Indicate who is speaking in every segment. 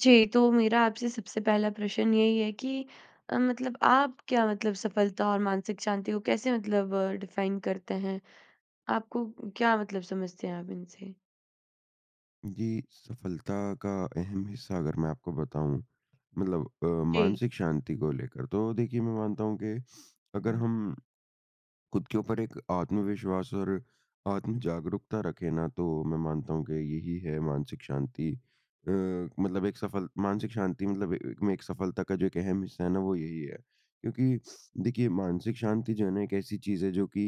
Speaker 1: जी, तो मेरा आपसे सबसे पहला प्रश्न यही है कि अ, मतलब आप क्या मतलब सफलता और मानसिक शांति को कैसे मतलब डिफाइन करते हैं? आपको क्या मतलब समझते हैं आप इनसे?
Speaker 2: जी, सफ़लता का अहम हिस्सा अगर मैं आपको बताऊँ मतलब अ,
Speaker 1: जी।
Speaker 2: मानसिक शांति को लेकर। तो देखिए मैं मानता हूँ कि अगर
Speaker 1: उम
Speaker 2: हम, खुद के ऊपर एक आत्मविश्वास और आत्म-जागरूकता रखें ना तो मैं मानता हूँ कि यही है मानसिक शांति। अ, मतलब एक सफ़ल मानसिक शांति मतलब ए एक में एक सफ़लता का जो एक अहम हिस्सा है ना वो यही है। क्योंकि देखिए मानसिक शांति जो है ना एक ऐसी चीज़ है जो कि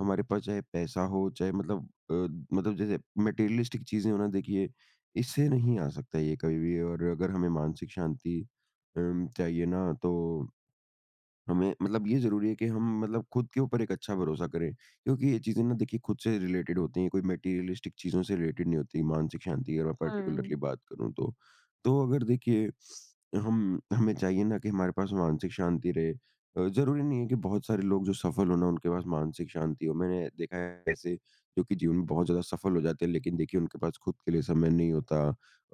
Speaker 2: हमारे पास चाहे पैसा हो चाहे मतलब अ, मतलब जैसे मटेरियलिस्टिक चीज़ें हो ना देखिए, इससे नहीं आ सकता ये कभी भी और अगर हमें मानसिक शांति उम, चाहिए ना तो हमें मतलब ये ज़रूरी है कि हम मतलब खुद के ऊपर एक अच्छा भरोसा करें। क्योंकि ये चीज़ें ना देखिए खुद से रिलेटेड होती हैं, कोई मटीरियलिस्टिक चीज़ों से रिलेटेड नहीं होती मानसिक शांति अगर पार्टिकुलरली
Speaker 1: हुँ।
Speaker 2: बात करूँ तो। तो अगर देखिए, हम हमें चाहिए ना कि हमारे पास मानसिक शांति रहे। अ, ज़रूरी नहीं है कि बहुत सारे लोग जो सफ़ल हो ना उनके पास मानसिक शांति हो। मैंने देखा है ऐसे जो कि जीवन में बहुत ज़्यादा सफ़ल हो जाते हैं लेकिन देखिए उनके पास खुद के लिए समय नहीं होता,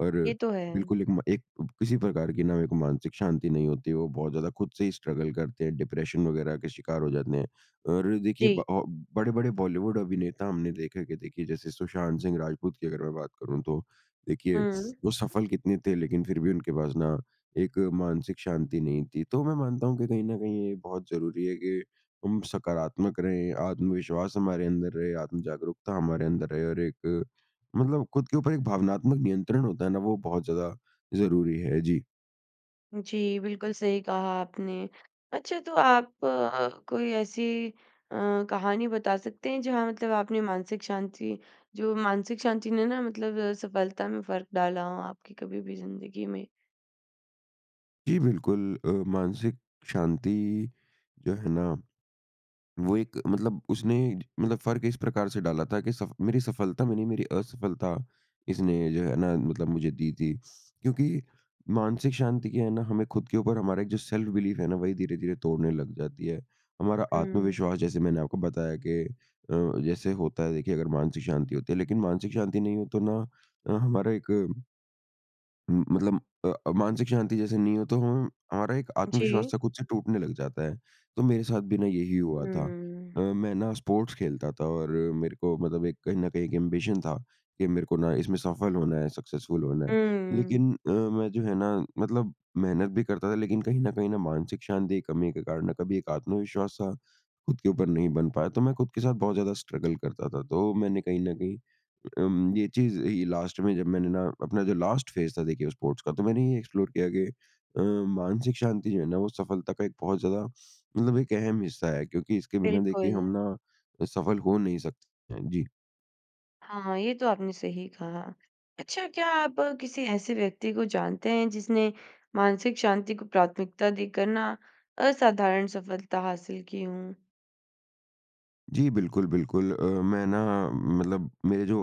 Speaker 2: और
Speaker 1: ये तो है।
Speaker 2: बिल्कुल एक म एक किसी प्रकार की ना मानसिक शांति नहीं होती। वो बहुत ज़्यादा खुद से ही स्ट्रगल करते हैं, डिप्रेशन वग़ैरह के शिकार हो जाते हैं। और देखिए
Speaker 1: जी।
Speaker 2: ब अब बड़े-बड़े बॉलीवुड अभिनेता हमने देखा कि देखिए जैसे सुशांत सिंह राजपूत की अगर मैं बात करूँ तो, देखिए
Speaker 1: हुँ।
Speaker 2: वो सफ़ल कितने थे लेकिन फिर भी उनके पास ना एक मानसिक शांति नहीं थी। तो मैं मानता हूँ कि कहीं न कहीं ये बहुत ज़रूरी है कि हम सकारात्मक रहे, आत्मविश्वास हमारे अंदर रहे, आत्म-जागरूकता हमारे अंदर रहे और एक मतलब खुद के ऊपर एक भावनात्मक नियंत्रण होता है ना वो बहुत ज़्यादा ज़रूरी है जी।
Speaker 1: जी बिल्कुल सही कहा आपने। अच्छा तो आप अ, कोई ऐसी अ, कहानी बता सकते हैं जहाँ मतलब आपने मानसिक शांति जो मानसिक शांति ने ना मतलब सफलता में फ़र्क डाला हो आपकी कभी भी ज़िंदगी में?
Speaker 2: जी, बिल्कुल अ, मानसिक शांति जो है ना, वो एक मतलब– उसने मतलब फ़र्क इस प्रकार से डाला था कि सफ मेरी सफलता में नहीं, मेरी असफलता इसने जो है ना, मतलब मुझे दी थी। क्योंकि मानसिक शांति की है ना, हमें खुद के ऊपर हमारा जो सेल्फ-बिलीफ है ना, वही धीरे-धीरे तोड़ने लग जाती है। हमारा
Speaker 1: हुँ।
Speaker 2: आत्मविश्वास जैसे मैंने आपको बताया कि अ, जैसे होता है, देखिए अगर मानसिक शांति होती है लेकिन मानसिक शांति नहीं हो तो ना अ, हमारा एक म मतलब अ, मानसिक शांति जैसे नहीं हो तो हम हमारा एक आत्मविश्वास
Speaker 1: जी।
Speaker 2: था खुद से टूटने लग जाता है। तो मेरे साथ भी ना यही हुआ था। अ,
Speaker 1: हुँ।
Speaker 2: मैं ना स्पोर्ट्स खेलता था और मेरे को मतलब एक कहीं न कहीं एक एम्बिशन था कि मेरे को ना इसमें सफल होना है, सक्सेसफुल होना है।
Speaker 1: हुँ।
Speaker 2: लेकिन अ, मैं जो है ना मतलब मेहनत भी करता था लेकिन कहीं न कहीं ना मानसिक शांति कमी के कारण, कभी एक आत्मविश्वास-सा खुद के ऊपर नहीं बन पाया। तो मैं खुद के साथ बहुत ज़्यादा स्ट्रगल करता था। तो मैंने कहीं न कहीं अ, अम ये चीज़ ये लास्ट में जब मैंने ना अपना जो लास्ट फ़ेज़ था, देखिए स्पोर्ट्स का, तो मैंने ये एक्सप्लोर किया कि अ, मानसिक शांति जो है ना, वो सफलता का एक बहुत ज़्यादा मतलब एक अहम हिस्सा है क्योंकि इसके बिना देखिए हम
Speaker 1: बिल्कुल।
Speaker 2: ना सफल हो नहीं सकते हैं, जी।
Speaker 1: हाँ, ये तो आपने सही कहा। अच्छा क्या आप किसी ऐसे व्यक्ति को जानते हैं जिसने मानसिक शांति को प्राथमिकता देकर ना असाधारण सफलता हासिल की हूँ?
Speaker 2: जी। बिल्कुल, बिल्कुल। अ, मैं ना मतलब मेरे जो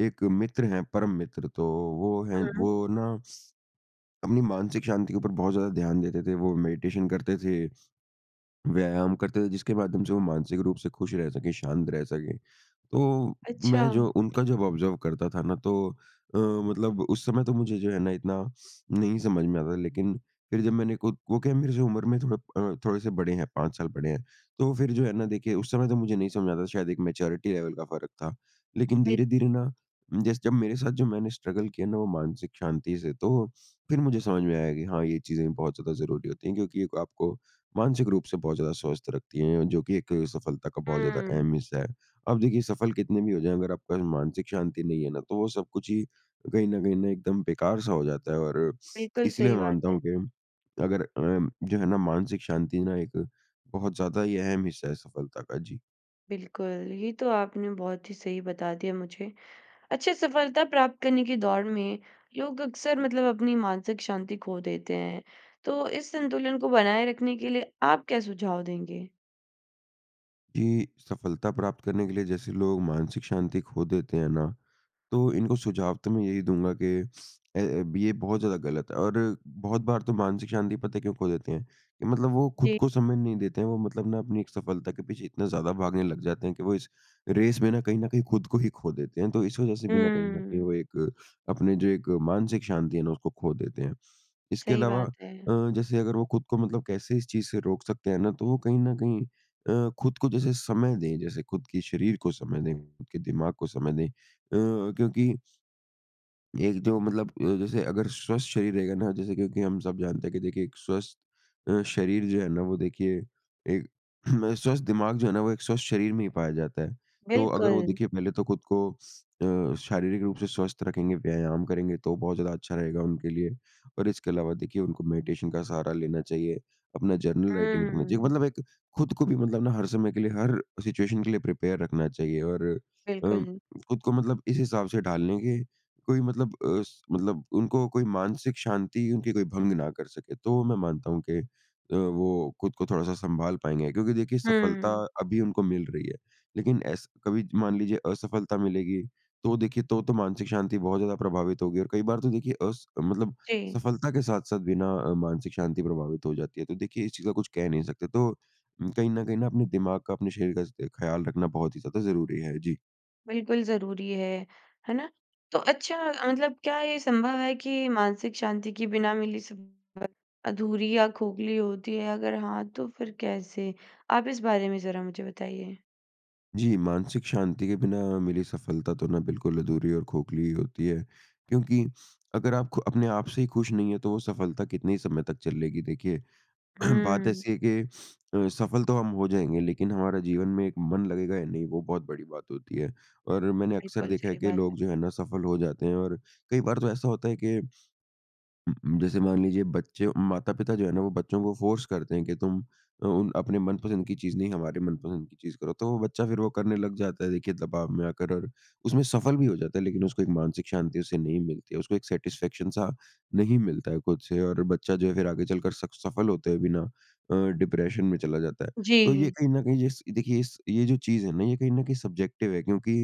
Speaker 2: एक मित्र हैं परम मित्र। तो वो है
Speaker 1: हुँ।
Speaker 2: वो ना अपनी मानसिक शांति के ऊपर बहुत ज़्यादा ध्यान देते थे। वो मेडिटेशन करते थे। व्यायाम करते थे जिसके माध्यम से वो मानसिक रूप से खुश रह सके, शांत रह सके। तो मैं
Speaker 1: अच्छा।
Speaker 2: जो उनका जब ऑब्ज़र्व करता था ना तो अ, मतलब उस समय तो मुझे जो है ना, इतना नहीं समझ में आता था। लेकिन फिर जब मैंने खुद वो क्या है मेरी उम्र में थोड़ा अ, थोड़े से बड़े हैं 5 साल बड़े हैं। तो वो फिर जो है ना, देखिए उस समय तो मुझे नहीं समझ आता शायद एक मैच्योरिटी लेवल का फ़र्क था। लेकिन
Speaker 1: बिल
Speaker 2: धीरे-धीरे ना जैस जब मेरे साथ जो मैंने स्ट्रगल किया ना वो मानसिक शांति से तो फिर मुझे समझ में आया कि हाँ, ये चीज़ें बहुत ज़्यादा ज़रूरी होती हैं क्योंकि एक आपको मानसिक रूप से बहुत ज़्यादा स्वस्थ रखती है जो कि एक सफलता का बहुत ज़्यादा एक
Speaker 1: हुँ।
Speaker 2: अहम हिस्सा है। अब देखिए सफल कितने भी हो जाए अगर आपके पास मानसिक शांति नहीं है ना, तो वो सब कुछ ही कहीं न कहीं ना एकदम बेकार सा हो जाता है और
Speaker 1: बिल्कुल
Speaker 2: इसलिए
Speaker 1: सही
Speaker 2: मैं
Speaker 1: बात
Speaker 2: मानता
Speaker 1: है।
Speaker 2: हूँ कि अगर अ, जो है ना मानसिक शांति ना एक बहुत ज़्यादा ही अहम हिस्सा है सफलता का। जी।
Speaker 1: बिल्कुल। ये तो आपने बहुत ही सही बता दिया मुझे। अच्छा सफलता प्राप्त करने की दौड़ में लोग अक्सर मतलब अपनी मानसिक शांति खो देते हैं तो इस संतुलन को बनाए रखने के लिए आप क्या सुझाव देंगे?
Speaker 2: जी। सफलता प्राप्त करने के लिए जैसे लोग मानसिक शांति खो देते हैं ना, तो इनको सुझाव तो मैं यही दूँगा कि अ, अब ये बहुत ज़्यादा गलत है। और बहुत बार तो मानसिक शांति पता है क्यों खो देते हैं? कि मतलब वो खुद
Speaker 1: जी।
Speaker 2: को समय नहीं देते हैं। वो मतलब ना अपनी एक सफलता के पीछे इतना ज़्यादा भागने लग जाते हैं कि वो इस रेस में न कहीं न कहीं खुद को ही खो देते हैं, तो इस वज़ह से बिना कहीं न कहीं वो
Speaker 1: हुँ।
Speaker 2: एक अपने जो एक मानसिक शांति है ना, उसको खो देते हैं। इसके
Speaker 1: सही
Speaker 2: अलावा
Speaker 1: बात है।
Speaker 2: अ, जैसे अगर वो खुद को मतलब कैसे इस चीज़ से रोक सकते हैं ना, तो वो कहीं न कहीं अ, खुद को जैसे समय दें, जैसे खुद कि शरीर को समय दें, खुद के दिमाग को समय दें अ, क्योंकि एक जो मतलब अ, जैसे अगर स्वस्थ शरीर रहेगा ना, जैसे क्योंकि हम सब जानते हैं कि देखिए एक स्वस्थ अ, शरीर जो है ना, वो देखिए एक स्वस्थ दिमाग जो है ना, वो एक स्वस्थ शरीर में ही पाया जाता है। तो अगर वो
Speaker 1: बिल्कुल।
Speaker 2: देखिए पहले तो खुद को अ, शारीरिक रूप से स्वस्थ रखेंगे, व्यायाम करेंगे, तो बहुत ज़्यादा अच्छा रहेगा उनके लिए। और इसके अलावा देखिए उनको मेडिटेशन का सहारा लेना चाहिए, अपना जर्नल राइटिंग करना चाहिए।
Speaker 1: हुँ।
Speaker 2: मतलब एक खुद को भी मतलब ना हर समय के लिए, हर सिचुएशन के लिए प्रिपेयर रखना चाहिए। और अ,
Speaker 1: बिल्कुल।
Speaker 2: खुद को मतलब इस हिसाब से ढाल लेंगे कोई मतलब अ, स मतलब उनको कोई मानसिक शांति उनकी कोई भंग ना कर सके। तो मैं मानता हूँ कि अ, वो खुद को थोड़ा-सा संभाल पाएँगे क्योंकि देखिए सफलता
Speaker 1: हुँ।
Speaker 2: अभी उनको मिल रही है, लेकिन ऐसे कभी मान लीजिए असफलता मिलेगी तो वो देखिए तो तो मानसिक शांति बहुत ज़्यादा प्रभावित होगी। और कई बार तो देखिए अस मतलब
Speaker 1: जी।
Speaker 2: सफलता के साथ-साथ भी ना मानसिक शांति प्रभावित हो जाती है। तो देखिए इस चीज़ का कुछ कह नहीं सकते। तो उम कहीं न कहीं न अपने दिमाग का, अपने शरीर का स ख्याल रखना बहुत ही ज़्यादा ज़रूरी है। जी।
Speaker 1: बिल्कुल ज़रूरी है। है ना? तो अच्छा मतलब क्या ये संभव है कि मानसिक शांति के बिना मिली सफलता अधूरी या खोखली होती है अगर हाँ, तो फ़िर कैसे? आप इस बारे में ज़रा मुझे बताइए।
Speaker 2: जी। मानसिक शांति के बिना मिली सफ़लता तो ना बिल्कुल अधूरी और खोखली ही होती हैं। क्योंकि अगर आप खु अपने आप से ही ख़ुश नहीं है, तो वो सफ़लता कितने समय तक चल लेगी, देखिए। बात
Speaker 1: हुँ।
Speaker 2: ऐसी है कि अ, सफ़ल तो हम हो जाएँगे, लेकिन हमारा जीवन में एक मन लगेगा या नहीं, वो बहुत बड़ी बात होती हैं। और मैंने अक्सर
Speaker 1: बिल्कुल
Speaker 2: देखा है
Speaker 1: सही
Speaker 2: कि
Speaker 1: बात है।
Speaker 2: लोग जो है ना, सफ़ल हो जाते हैं और कई बार तो ऐसा होता है कि उ उ जैसे मान लीजिए बच्चे माता-पिता जो है ना, वो बच्चों को फ़ोर्स करते हैं कि तुम उ उन अपने मनपसंद की चीज़ नहीं हमारे मनपसंद की चीज़ करो। तो वो बच्चा फिर वो करने लग जाता है देखिए दबाव में आकर और उसमें सफ़ल भी हो जाता है, लेकिन उसको एक मानसिक शांति उसे नहीं मिलती है। उसको एक सैटिस्फैक्शन सा नहीं मिलता है खुद से। और बच्चा जो है फिर आगे चलकर सक सफ़ल होते हुए भी ना अ, डिप्रेशन में चला जाता है। तो ये
Speaker 1: जी।
Speaker 2: कहीं न कहीं इस ये देखिए इस ये जो चीज़ है ना, ये कहीं न कहीं सब्ज़ेक्टिव है क्योंकि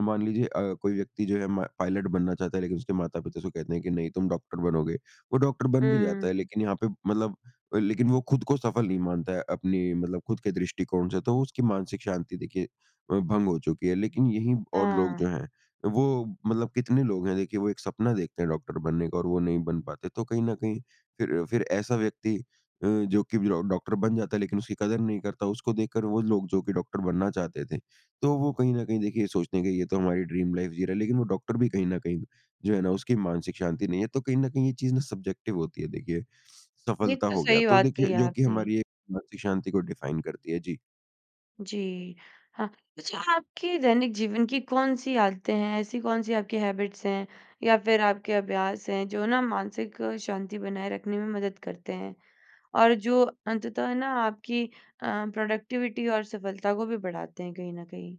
Speaker 2: मान लीजिए अ, कोई व्यक्ति जो है मा पायलट बनना चाहता है लेकिन उसके माता-पिता उसे कहते है कि नहीं, तुम डॉक्टर बनोगे। वो डॉक्टर बन भी जाता है
Speaker 1: हुँ।
Speaker 2: लेकिन यहाँ पे मतलब अ, लेकिन वो खुद को सफ़ल नहीं मानता है अपनी मतलब खुद के दृष्टिकोण से, तो उसकी मानसिक शांति देखिए अ, भंग हो चुकी है। लेकिन यही और लोग
Speaker 1: हाँ।
Speaker 2: जो हैं वो मतलब कितने लोग हैं देखिए वो एक सपना देखते हैं डॉक्टर बनने का और वो नहीं बन पाते। तो कहीं न कहीं फिर फिर ऐसा व्यक्ति अ, जो कि वि ओ डॉक्टर बन जाता है लेकिन उसकी कदर नहीं करता, उसको देखकर वो लोग जो कि डॉक्टर बनना चाहते थे। तो वो कहीं न कहीं देखिए सोचते हैं कि ये तो हमारी ड्रीम लाइफ़ जी रहा है, लेकिन वो डॉक्टर भी कहीं न कहीं जो है ना, उसकी मानसिक शांति नहीं है। तो कहीं न कहीं ये चीज़ ना सब्ज़ेक्टिव होती हैं देखिए।
Speaker 1: ये
Speaker 2: सफ़लता
Speaker 1: तो
Speaker 2: हो गया
Speaker 1: सही
Speaker 2: तो
Speaker 1: बात
Speaker 2: देखिए
Speaker 1: कही
Speaker 2: जो कि
Speaker 1: आपने।
Speaker 2: हमारी एक मानसिक शांति को डिफ़ाइन करती है। जी।
Speaker 1: जी। हाँ, अच्छा आपके दैनिक जीवन की कौन-सी आदतें हैं, ऐसी कौन-सी आपकी हैबिट्स हैं या फिर आपके अभ्यास हैं, जो ना मानसिक शांति बनाए रखने में मदद करते हैं? और जो अंततः ना आपकी अ, प्रोडक्टिविटी और सफलता को भी बढ़ाते हैं, कहीं न कहीं?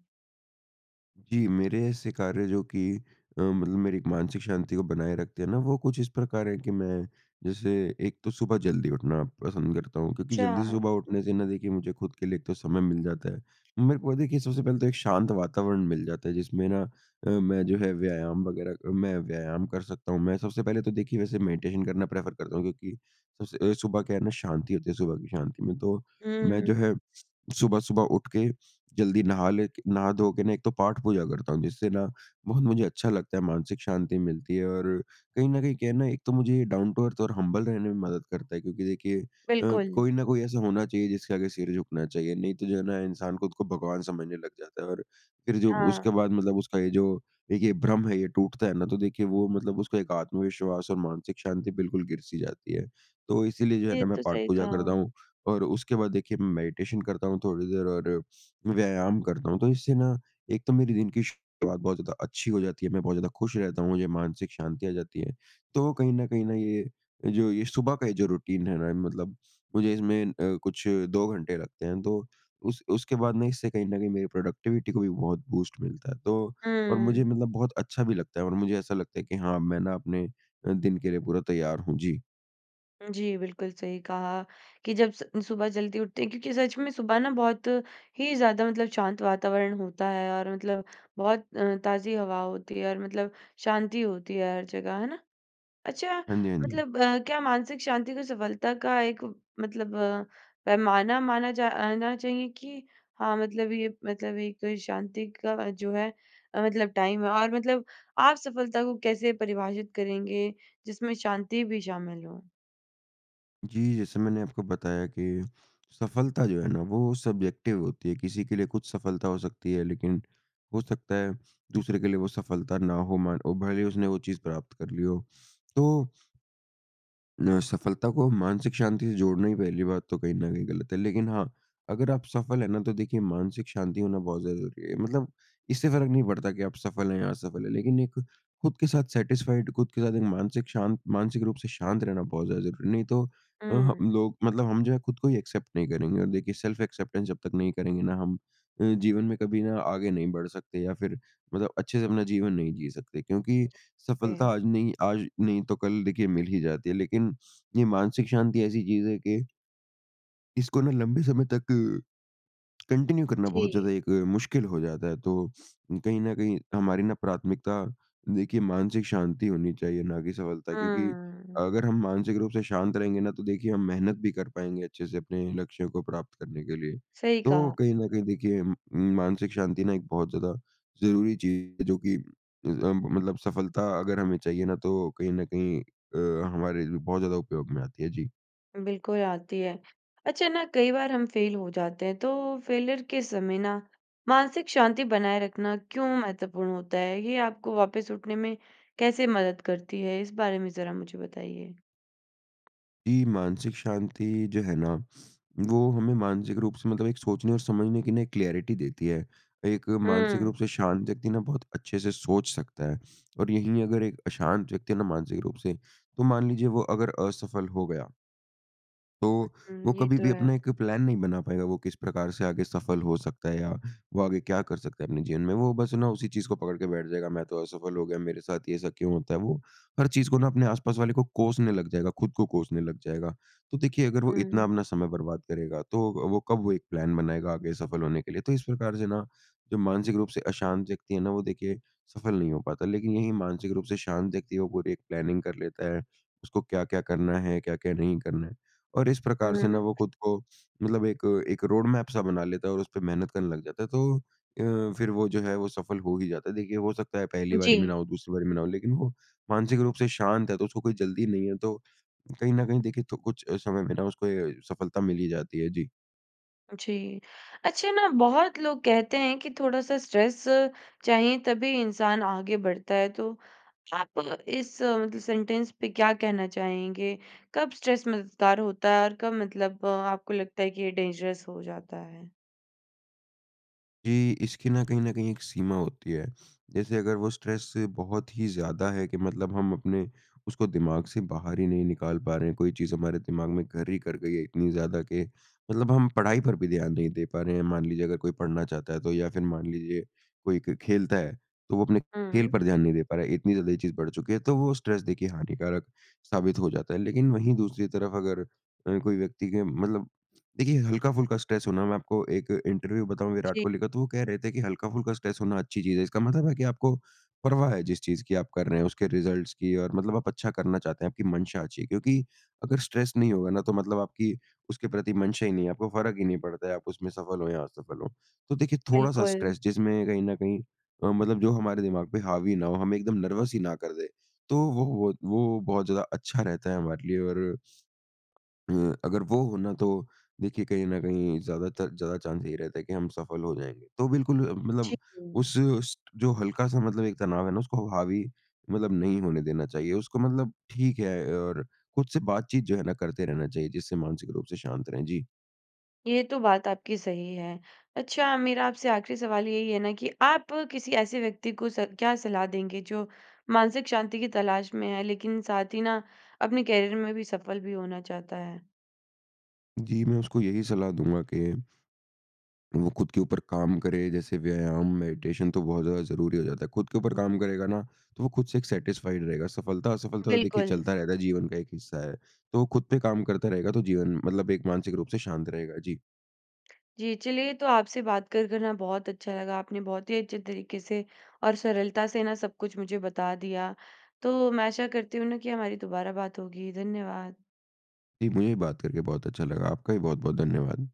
Speaker 2: जी, मेरे ऐसे कार्य जो कि अ, मतलब मेरी मानसिक शांति को बनाए रखते हैं ना, वो कुछ इस प्रकार हैं कि मैं जैसे एक तो सुबह जल्दी उठना पसंद करता हूँ, क्योंकि जल्दी
Speaker 1: अच्छा।
Speaker 2: सुबह उठने से ना देखिए मुझे खुद के लिए एक तो समय मिल जाता है। मेरे को देखिए सबसे पहले तो एक शांत वातावरण मिल जाता है, जिसमें ना अ, मैं जो है व्यायाम वग़ैरह अ, मैं व्यायाम कर सकता हूँ। मैं सबसे पहले तो देखिए वैसे मेडिटेशन करना प्रेफ़र करता हूँ क्योंकि सबसे अ, सुबह क्या है ना, शांति होती है, सुबह की शांति में तो मैं
Speaker 1: हुँ।
Speaker 2: जो है सुबह-सुबह उठ के जल्दी नहा ले के नहा धो के ना, एक तो पाठ-पूजा करता हूँ, जिससे ना बहुत मुझे अच्छा लगता है मानसिक शांति मिलती है और कहीं न कहीं क्या है ना, एक तो मुझे ये डाउन टू अर्थ और हम्बल रहने में मदद करता है, क्योंकि देखिए अ,
Speaker 1: बिल्कुल।
Speaker 2: कोई न कोई ऐसा होना चाहिए जिसके आगे सिर झुकना चाहिए। नहीं तो जो है ना इंसान खुद को भगवान समझने लग जाता है और फिर जो उसके
Speaker 1: हाँ।
Speaker 2: बाद मतलब उसका ये जो एक ये भ्रम है, ये टूटता है ना, तो देखिए वो मतलब उसका एक आत्मविश्वास और मानसिक शांति बिल्कुल गिर-सी जाती है। तो इसीलिए जो है
Speaker 1: ये
Speaker 2: ना मैं
Speaker 1: तो सही
Speaker 2: पाठ-पूजा करता
Speaker 1: कहा।
Speaker 2: हूँ और उसके बाद देखिए मैं मेडिटेशन करता हूँ, थोड़ी देर और व्यायाम करता हूँ। तो इससे ना एक तो मेरी दिन की शुरुआत बहुत ज़्यादा अच्छी हो जाती है। मैं बहुत ज़्यादा खुश रहता हूँ, मुझे मानसिक शांति आ जाती है। तो कहीं न कहीं ना ये, जो ये सुबह का ये जो रूटीन है ना, मतलब मुझे इसमें अ, कुछ 2 घंटे लगते हैं। तो उस उसके बाद मैं, इससे कहीं न कहीं मेरी प्रोडक्टिविटी को भी बहुत बूस्ट मिलता है। तो और मुझे
Speaker 1: हुँ।
Speaker 2: मतलब बहुत अच्छा भी लगता है और मुझे ऐसा लगता है कि हाँ, मैं ना अपने अ, दिन के लिए पूरा तैयार हूँ। जी।
Speaker 1: जी, बिल्कुल। सही कहा कि जब स सुबह जल्दी उठते हैं क्योंकि सच में सुबह ना बहुत ही ज़्यादा मतलब शांत वातावरण होता है और मतलब बहुत अ, ताज़ी हवा होती है, और मतलब शांति होती है हर जगह। है ना? अच्छा
Speaker 2: हाँ, जी। हाँ, जी।
Speaker 1: मतलब क्या मानसिक शांति को सफलता का एक मतलब पैमाना माना जा आना चाहिए कि हाँ, मतलब ये मतलब एक शांति का जो है अ, मतलब टाइम है और मतलब आप सफलता को कैसे परिभाषित करेंगे जिसमें शांति भी शामिल हो?
Speaker 2: जी। जैसे मैंने आपको बताया कि सफलता जो है ना, वो सब्ज़ेक्टिव होती हैं। किसी के लिए कुछ सफलता हो सकती है लेकिन हो सकता है दूसरे के लिए वो सफलता ना हो मान वो भले ही उसने वो चीज़ प्राप्त कर ली हो। तो न सफलता को मानसिक शांति से जोड़ना ही पहली बात तो कहीं न कहीं गलत है। लेकिन हाँ, अगर आप सफ़ल हैं ना, तो देखिए मानसिक शांति होना बहुत ज़्यादा ज़रूरी है। मतलब इससे फ़र्क़ नहीं पड़ता कि आप सफ़ल हैं या असफ़ल है। लेकिन एक खुद के साथ सैटिस्फाइड खुद के साथ एक मानसिक शांत मानसिक रूप से शांत रहना बहुत ज़्यादा ज़रूरी है। नहीं तो, अ,
Speaker 1: हुँ।
Speaker 2: हम लोग मतलब हम जो हैं, खुद को ही एक्सेप्ट नहीं करेंगे और देखिए सेल्फ एक्सेप्टेंस जब तक नहीं करेंगे ना हम, अ, जीवन में कभी ना आगे नहीं बढ़ सकते या फिर मतलब अच्छे से अपना जीवन नहीं जी सकते, क्योंकि सफलता
Speaker 1: [unintelligible]
Speaker 2: आज नहीं आज नहीं तो कल देखिए मिल ही जाती है लेकिन ये मानसिक शांति ऐसी चीज़ है कि इसको ना लंबे समय तक कंटिन्यू करना बहुत
Speaker 1: जी।
Speaker 2: ज़्यादा एक मुश्किल हो जाता है। तो कहीं न कहीं हमारी ना प्राथमिकता देखिए मानसिक शांति होनी चाहिए, ना कि सफलता क्योंकि
Speaker 1: हुँ।
Speaker 2: अगर हम मानसिक रूप से शांत रहेंगे ना, तो देखिए हम मेहनत भी कर पाएँगे अच्छे से अपने लक्ष्यों को प्राप्त करने के लिए।
Speaker 1: सही
Speaker 2: तो
Speaker 1: कहा।
Speaker 2: कहीं न कहीं देखिए म मानसिक शांति ना एक बहुत ज़्यादा ज़रूरी चीज़ है, जो कि अ, मतलब सफलता अगर हमें चाहिए ना, तो कहीं न कहीं अ, हमारे बहुत ज़्यादा उपयोग में आती है। जी।
Speaker 1: बिल्कुल आती है। अच्छा ना, कई बार हम फ़ेल हो जाते हैं तो फ़ेलियर के समय ना मानसिक शांति बनाए रखना क्यों महत्वपूर्ण होता है? ये आपको वापस उठने में कैसे मदद करती है इस बारे में ज़रा मुझे बताइए?
Speaker 2: जी। मानसिक शांति जो है ना, वो हमें मानसिक रूप से मतलब एक सोचने और समझने की ना एक क्लैरिटी देती है। एक मानसिक
Speaker 1: हुँ।
Speaker 2: रूप से शांत व्यक्ति ना बहुत अच्छे से सोच सकता है और यहीं अगर एक अशांत व्यक्ति है ना, मानसिक रूप से तो मान लीजिए वो अगर असफल हो गया
Speaker 1: उ
Speaker 2: तो
Speaker 1: उम,
Speaker 2: वो
Speaker 1: ये
Speaker 2: कभी
Speaker 1: तो
Speaker 2: भी
Speaker 1: है।
Speaker 2: अपना एक प्लान नहीं बना पाएगा। वो किस प्रकार से आगे सफल हो सकता है या वो आगे क्या कर सकता है अपने जीवन में, वो बस है ना, उसी चीज़ को पकड़ के बैठ जाएगा। मैं तो असफल हो गया, मेरे साथ ये ऐसा क्यों होता है? वो हर चीज़ को ना अपने आसपास वाले को कोसने लग जाएगा, ख़ुद को कोसने लग जाएगा। तो देखिए अगर वो इतना
Speaker 1: हुँ।
Speaker 2: अपना समय बर्बाद करेगा, तो वो कब वो एक प्लान बनाएगा आगे सफल होने के लिए? तो इस प्रकार से ना जो मानसिक रूप से अशांत व्यक्ति है ना, वो देखिए सफल नहीं हो पाता लेकिन यही मानसिक रूप से शांत व्यक्ति है, वो पूरी एक प्लानिंग कर लेता है उसको क्या-क्या करना है, क्या-क्या नहीं करना है। और इस
Speaker 1: हुँ,
Speaker 2: प्रकार
Speaker 1: हुँ,
Speaker 2: से ना
Speaker 1: हुँ।
Speaker 2: वो खुद को मतलब एक एक रोडमैप सा बना लेता है। और उसपे मेहनत करने लग जाता है तो अ, फिर वो जो है, वो सफल हो ही जाता है। देखिए हो सकता है पहली बारी में ना
Speaker 1: जी।
Speaker 2: हो, दूसरी बारी में ना हो लेकिन वो मानसिक रूप से शांत है तो उसको कोई जल्दी नहीं है। तो कहीं न कहीं देखिए तो कुछ समय में ना अ, उसको ये सफलता मिल ही जाती है। जी।
Speaker 1: जी। अच्छा ना, बहुत लोग कहते हैं कि थोड़ा-सा स्ट्रेस चाहिए, तभी इंसान आगे बढ़ता है। तो आप इस मतलब सेंटेंस पे क्या कहना चाहेंगे? कब स्ट्रेस मददगार होता है और कब मतलब आपको लगता है कि ये डेंजरस हो जाता है?
Speaker 2: जी। इसकी ना कहीं न कहीं एक सीमा होती है। जैसे अगर वो स्ट्रेस से बहुत ही ज़्यादा है कि मतलब हम अपने उसको दिमाग से बाहर ही नहीं निकाल पा रहे हैं। कोई चीज़ हमारे दिमाग में घर ही कर गई है इतनी ज़्यादा कि मतलब हम पढ़ाई पर भी ध्यान नहीं दे पा रहे हैं। मान लीजिए अगर कोई पढ़ना चाहता है तो या फिर मान लीजिए कोई क खेलता है, तो वो अपने खेल
Speaker 1: हुँ।
Speaker 2: पर ध्यान नहीं दे पा रहा है, इतनी ज़्यादा ये चीज़ बढ़ चुकी है। तो वो स्ट्रेस देखिए हानिकारक साबित हो जाता है। लेकिन वहीं दूसरी तरफ अगर अ, कोई व्यक्ति के मतलब देखिए हल्का-फुल्का स्ट्रेस हो ना, मैं आपको एक इंटरव्यू बताऊँ विराट
Speaker 1: जी।
Speaker 2: कोहली का, तो वो कह रहे थे कि, "हल्का-फुल्का स्ट्रेस होना अच्छी चीज़ है।" इसका मतलब है कि आपको परवाह है जिस चीज़ की आप कर रहे हैं, उसके रिज़ल्ट्स की, और मतलब आप अच्छा करना चाहते हैं, आपकी मंशा अच्छी है। क्योंकि अगर स्ट्रेस नहीं होगा ना, तो मतलब आपकी उसके प्रति मंशा ही नहीं है, आपको फ़र्क ही नहीं पड़ता है, आप उसमें सफल हों या असफल हों। तो देखिए थोड़ा-सा
Speaker 1: बिल्कुल।
Speaker 2: स्ट्रेस जिसमें कहीं न कहीं अ, मतलब जो हमारे दिमाग पे हावी ना हो, हमें एकदम नर्वस ही ना कर दे। तो वो व वत वो बहुत ज़्यादा अच्छा रहता है हमारे लिए और, अ, अगर वो होना, तो देखिए कहीं न कहीं ज़्यादातर ज़्यादा चांस यही रहता है कि हम सफल हो जाएँगे। तो बिल्कुल अ, मतलब
Speaker 1: जी।
Speaker 2: उस, उस ट जो हल्का-सा मतलब एक तनाव है ना, उसको ह हावी मतलब नहीं होने देना चाहिए। उसको मतलब ठीक है और खुद से बातचीत जो है ना, करते रहना चाहिए, जिससे मानसिक रूप से शांत रहें। जी।
Speaker 1: ये तो बात आपकी सही है। अच्छा मेरा आपसे आख़िरी सवाल यही है ना कि आप किसी ऐसे व्यक्ति को स क्या सलाह देंगे, जो मानसिक शांति की तलाश में है लेकिन साथ ही ना, अपने कैरियर में भी सफल भी होना चाहता है?
Speaker 2: जी, मैं उसको यही सलाह दूँगा कि, वो खुद के ऊपर काम करे। जैसे व्यायाम, मेडिटेशन तो बहुत ज़्यादा ज़रूरी हो जाता है। खुद के ऊपर काम करेगा ना, तो वो खुद से एक सैटिस्फाइड रहेगा। सफलता-असफलता तो देखिए
Speaker 1: बिल्कुल।
Speaker 2: चलता रहता है, जीवन का एक हिस्सा है। तो वो खुद पे काम करता रहेगा, तो जीवन मतलब एक मानसिक रूप से शांत रहेगा। जी।
Speaker 1: जी, चलिए तो आपसे बात कर कर ना बहुत अच्छा लगा। आपने बहुत ही अच्छे तरीके से और सरलता से ना सब कुछ मुझे बता दिया। तो मैं आशा करती हूँ ना कि हमारी दोबारा बात होगी। धन्यवाद।
Speaker 2: जी, मुझे भी बात करके बहुत अच्छा लगा। आपका भी बहुत-बहुत धन्यवाद।